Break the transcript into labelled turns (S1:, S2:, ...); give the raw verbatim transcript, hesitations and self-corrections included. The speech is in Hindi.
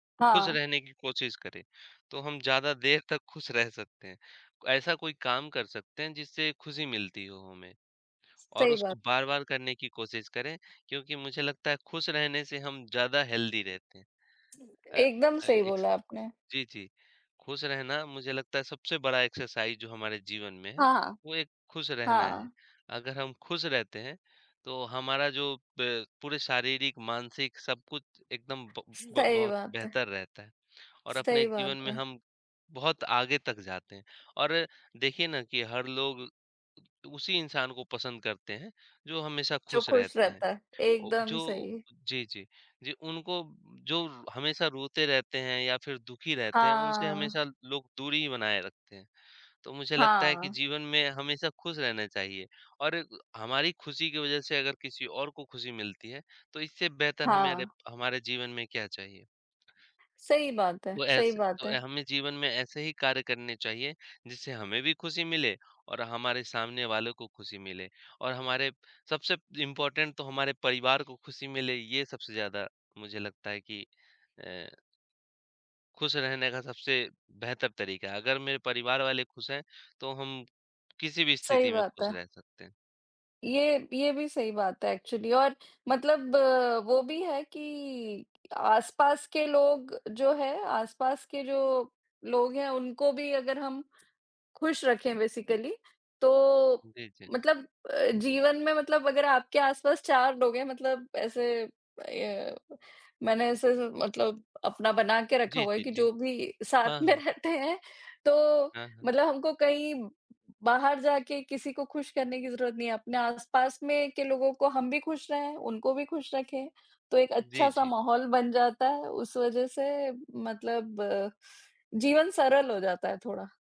S1: खुश
S2: हाँ।
S1: रहने की कोशिश करें, तो हम ज़्यादा देर तक खुश रह सकते हैं, ऐसा कोई काम कर सकते हैं जिससे खुशी मिलती हो हमें, और
S2: सही
S1: उसको
S2: बात।
S1: बार-बार करने की कोशिश करें, क्योंकि मुझे लगता है खुश रहने से हम ज़्यादा हेल्दी रहते हैं।
S2: ठीक है,
S1: अ
S2: एकदम
S1: अ,
S2: सही
S1: एक्स
S2: बोला है आपने।
S1: जी, जी, खुश रहना मुझे लगता है सबसे बड़ा एक्सरसाइज़ जो हमारे जीवन में है,
S2: हाँ।
S1: वो एक खुश रहना है।
S2: हाँ।
S1: अगर हम खुश रहते हैं, तो हमारा जो प पूरे शारीरिक, मानसिक सब कुछ एकदम ब ब
S2: सही
S1: बहुत
S2: बात है।
S1: बेहतर रहता है और अपने
S2: सही
S1: जीवन
S2: बात
S1: में
S2: है।
S1: हम बहुत आगे तक जाते हैं। और देखिए ना, कि हर लोग उसी इंसान को पसंद करते हैं, जो हमेशा
S2: जो
S1: खुश
S2: खुश
S1: रहते हैं।
S2: रहता है,
S1: औ
S2: एकदम
S1: जो
S2: सही।
S1: अ जी, जी, जी, उनको जो रो हमेशा रोते रहते हैं या फिर दुखी रहते हैं, उनसे
S2: हाँ।
S1: हमेशा लोग दूरी ही बनाए रखते हैं। तो मुझे लगता है कि
S2: हाँ।
S1: जीवन में हमेशा खुश रहना चाहिए और हमारी खुशी की वज़ह से अगर किसी और को खुशी मिलती है, तो इससे बेहतर हमारे
S2: हाँ।
S1: हमारे जीवन में क्या चाहिए।
S2: सही बात है
S1: वो
S2: सही
S1: ऐसे तो
S2: बात
S1: अ,
S2: है।
S1: हमें जीवन में ऐसे ही कार्य करने चाहिए, जिससे हमें भी खुशी मिले और हमारे सामने वालों को खुशी मिले। और हमारे सबसे इम्पोर्टेंट तो हमारे परिवार को खुशी मिले, ये सबसे ज़्यादा मुझे लगता है कि अ खुश रहने का सबसे बेहतर तरीका है। अगर मेरे परिवार वाले खुश हैं, तो हम किसी भी
S2: सही
S1: स्थिति में
S2: बात
S1: खुश
S2: है।
S1: रह सकते हैं।
S2: ये ये भी सही बात है एक्चुअली और मतलब वो भी है कि आस-पास के लोग जो है आस-पास के जो लोग हैं, उनको भी अगर हम खुश रखें बेसिकली, तो
S1: जी, जी।
S2: मतलब अ, जीवन में मतलब अगर आपके आस-पास चार लोग हैं मतलब ऐसे अ, ये मैंने ऐसे स मतलब अपना बना के रखा
S1: जी,
S2: हुआ है
S1: जी,
S2: कि
S1: जी।
S2: जो भी साथ
S1: हाँ,
S2: में
S1: हाँ।
S2: रहते हैं, तो
S1: हाँ, हाँ।
S2: मतलब हमको कहीं बाहर जाके किसी को खुश करने की ज़रूरत नहीं है, अपने आस-पास में के लोगों को हम भी खुश रहें, उनको भी खुश रखें। तो एक
S1: जी,
S2: अच्छा-सा
S1: जी।
S2: माहौल बन जाता है उस वज़ह से मतलब, जीवन सरल हो जाता है थोड़ा।